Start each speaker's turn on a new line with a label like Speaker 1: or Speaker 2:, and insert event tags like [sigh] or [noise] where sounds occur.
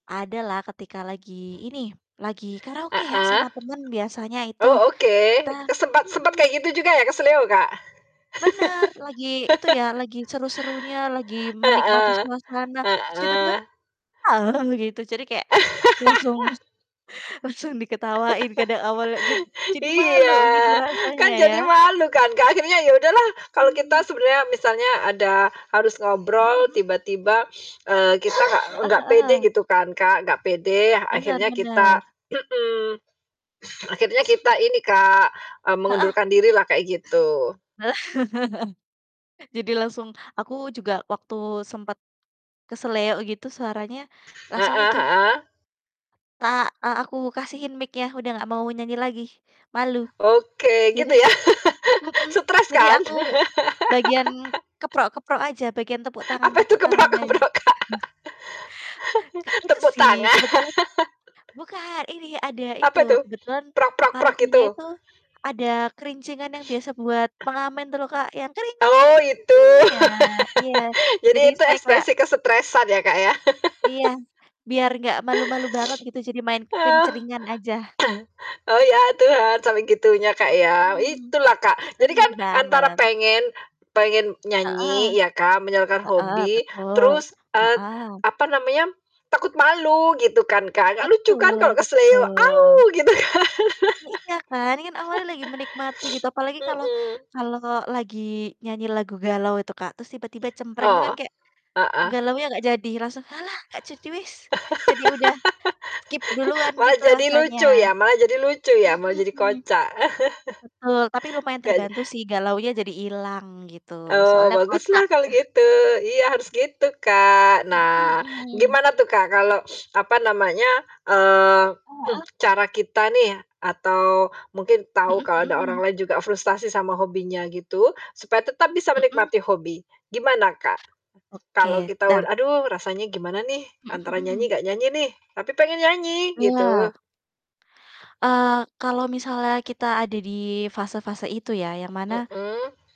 Speaker 1: Adalah ketika lagi ini, lagi karaoke ya,
Speaker 2: Heeh.
Speaker 1: sama temen biasanya itu.
Speaker 2: Oh, oke
Speaker 1: Kita
Speaker 2: ke sempat sempat
Speaker 1: mhm.
Speaker 2: kayak gitu juga ya, keseleo, Kak?
Speaker 1: Benar. Lagi itu ya, lagi
Speaker 2: [laughs]
Speaker 1: seru-serunya, lagi menikmati
Speaker 2: Heeh,
Speaker 1: suasana terus tiba-tiba
Speaker 2: heeh.
Speaker 1: begitu, jadi kayak langsung
Speaker 2: [laughs]
Speaker 1: [chuckles] langsung diketawain karena awalnya, jad
Speaker 2: [laughs]
Speaker 1: jadi malu
Speaker 2: Iya.
Speaker 1: gitu rasanya
Speaker 2: Kan
Speaker 1: ya.
Speaker 2: jadi malu kan, Kak, akhirnya ya udahlah. Kalau kita
Speaker 1: Mhm.
Speaker 2: sebenarnya misalnya ada harus
Speaker 1: Mhm
Speaker 2: ngobrol
Speaker 1: mhm.
Speaker 2: tiba-tiba, [sniffs] eee, kita gak
Speaker 1: Heeh
Speaker 2: gak pede
Speaker 1: heeh.
Speaker 2: gitu kan, Kak, gak pede yang
Speaker 1: Benar
Speaker 2: akhirnya kita
Speaker 1: benar.
Speaker 2: mhm, akhirnya kita ini, Kak, eee,
Speaker 1: Heeh.
Speaker 2: mengundurkan dirilah kayak gitu.
Speaker 1: [laughs] Jadi langsung aku juga waktu sempet keseleo gitu suaranya langsung
Speaker 2: Heeh
Speaker 1: itu
Speaker 2: heeh.
Speaker 1: ka eee, aku kasihin mic-nya, udah gak mau nyanyi lagi, malu.
Speaker 2: Oke
Speaker 1: jadi
Speaker 2: gitu ya, [laughs]
Speaker 1: mhm,
Speaker 2: stres
Speaker 1: jadi
Speaker 2: kan?
Speaker 1: aku
Speaker 2: [laughs]
Speaker 1: bagian keprok-keprok aja, bagian tepuk
Speaker 2: Apa itu
Speaker 1: tangan-tepuk tangan aja.
Speaker 2: keprok-keprok, Kak?
Speaker 1: [chuckles] Ke itu
Speaker 2: Tepuk
Speaker 1: sih,
Speaker 2: tangan.
Speaker 1: kebetulan bukan, ini
Speaker 2: [chuckles]
Speaker 1: ada
Speaker 2: Apa
Speaker 1: itu
Speaker 2: itu?
Speaker 1: kebetulan karaokenya
Speaker 2: gitu?
Speaker 1: itu ada kerincingan yang biasa
Speaker 2: [sniffs]
Speaker 1: buat pengamen itu loh, Kak, yang
Speaker 2: Oh, itu. [laughs]
Speaker 1: ah, iya
Speaker 2: Jadi
Speaker 1: jadinya
Speaker 2: itu
Speaker 1: saya kayak
Speaker 2: ekspresi kesetresan ya, Kak, ya.
Speaker 1: Iya,
Speaker 2: [laughs]
Speaker 1: biar gak malu-malu banget gitu, jadi main
Speaker 2: [sniffs] Oh. [clears throat]
Speaker 1: kencringan aja.
Speaker 2: Oh, iya itu, heeh, cara gitunya, Kak, ya.
Speaker 1: Mhm.
Speaker 2: Itulah, Kak. Jadi kan
Speaker 1: Benar
Speaker 2: antara
Speaker 1: banget.
Speaker 2: pengen pengen
Speaker 1: Heeh.
Speaker 2: nyanyi ya kan, menyalurkan
Speaker 1: Heeh,
Speaker 2: hobi,
Speaker 1: betul,
Speaker 2: terus, et
Speaker 1: heeh.
Speaker 2: apa namanya, takut malu gitu kan, Kak, gak lucu kan
Speaker 1: Betul
Speaker 2: kalo keseleo, "Aw!"
Speaker 1: betul.
Speaker 2: Gitu kan.
Speaker 1: Nah, iya kan. Ini kan awalnya lagi menikmati gitu,
Speaker 2: [laughs]
Speaker 1: apalagi
Speaker 2: [sniffs]
Speaker 1: kalau
Speaker 2: Mhm.
Speaker 1: kalau lagi nyanyi lagu galau itu, Kak, terus tiba-tiba cempreng itu kan
Speaker 2: Oh.
Speaker 1: kayak,
Speaker 2: Heeh.
Speaker 1: galaunya gak jadi, langsung, "Halah, gak jadi wis." Jadi udah skip duluan
Speaker 2: [laughs] Wah,
Speaker 1: gitu
Speaker 2: jadi
Speaker 1: rasanya.
Speaker 2: lucu ya, malah jadi lucu ya, malah
Speaker 1: Mhm.
Speaker 2: kocak.
Speaker 1: Betul, tapi
Speaker 2: [chuckles]
Speaker 1: lumayan
Speaker 2: Gak ja
Speaker 1: terbantu sih galaunya jadi ilang gitu,
Speaker 2: Oh,
Speaker 1: soalnya
Speaker 2: baguslah
Speaker 1: kocak.
Speaker 2: kalau
Speaker 1: [chuckles]
Speaker 2: gitu. Iya harus gitu, Kak. Nah
Speaker 1: Mhm.
Speaker 2: gimana tuh, Kak, kalau [sniffs] apa namanya, eee,
Speaker 1: Heeh.
Speaker 2: [clears throat] cara kita nih atau mungkin tahu
Speaker 1: Mhm
Speaker 2: kalau ada
Speaker 1: mhm.
Speaker 2: orang lain juga frustasi sama hobinya gitu, supaya tetap bisa
Speaker 1: Mhm.
Speaker 2: menikmati hobi. Gimana, Kak, kalau
Speaker 1: Oke,
Speaker 2: kita u
Speaker 1: dah.
Speaker 2: "Aduh rasanya gimana nih,
Speaker 1: Mhm
Speaker 2: antara nyanyi
Speaker 1: mhm.
Speaker 2: nggak nyanyi nih, tapi pengen nyanyi."
Speaker 1: Iya.
Speaker 2: Gitu.
Speaker 1: Eee, kalau misalnya kita ada di fase-fase itu ya, yang mana
Speaker 2: Mhm.